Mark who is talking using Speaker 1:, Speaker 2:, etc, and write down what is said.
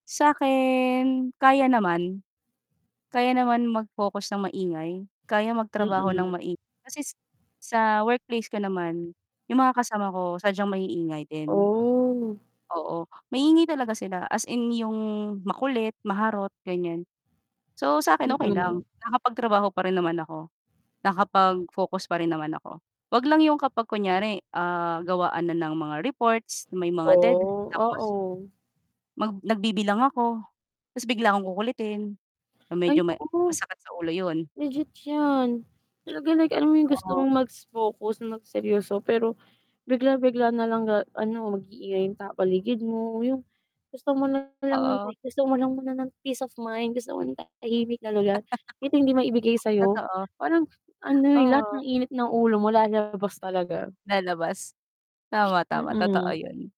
Speaker 1: Sakin kaya naman, kaya naman mag-focus ng maingay, kaya magtrabaho ng
Speaker 2: Mm.
Speaker 1: maingay, kasi sa workplace ko naman yung mga kasama ko sadyang maiingay din,
Speaker 2: Oh!
Speaker 1: oo, maingay talaga sila as in yung makulit, maharot ganyan. So, sa akin okey lang
Speaker 2: Mm.
Speaker 1: nakapagtrabaho pa rin naman ako nakapagfocus pa rin naman ako, 'wag lang yung kapag kunyari, ah, gawaan na ng mga reports may mga deadline
Speaker 2: Oh,
Speaker 1: tapos
Speaker 2: oo.
Speaker 1: mag nagbibilang ako tapos bigla akong kukulitin yun medyo
Speaker 2: Ay
Speaker 1: may
Speaker 2: oo.
Speaker 1: masakit sa ulo yun.
Speaker 2: Legit yan, talaga like alam mo yung gusto
Speaker 1: Oo.
Speaker 2: mong mag-focus na mag seryoso, pero bigla bigla nalang ga ano, mag-iingay yung tao paligid mo, yung gusto mo nalang ng
Speaker 1: Oo.
Speaker 2: gusto mo lang muna ng peace of mind, gusto mo ng tahimik na lugar kahit hindi maibigay sayo,
Speaker 1: Totoo.
Speaker 2: parang ano yung lahat ng
Speaker 1: Oo.
Speaker 2: init ng ulo mo lalabas talaga.
Speaker 1: Lalabas, tama, tama totoo
Speaker 2: Mm.
Speaker 1: yun.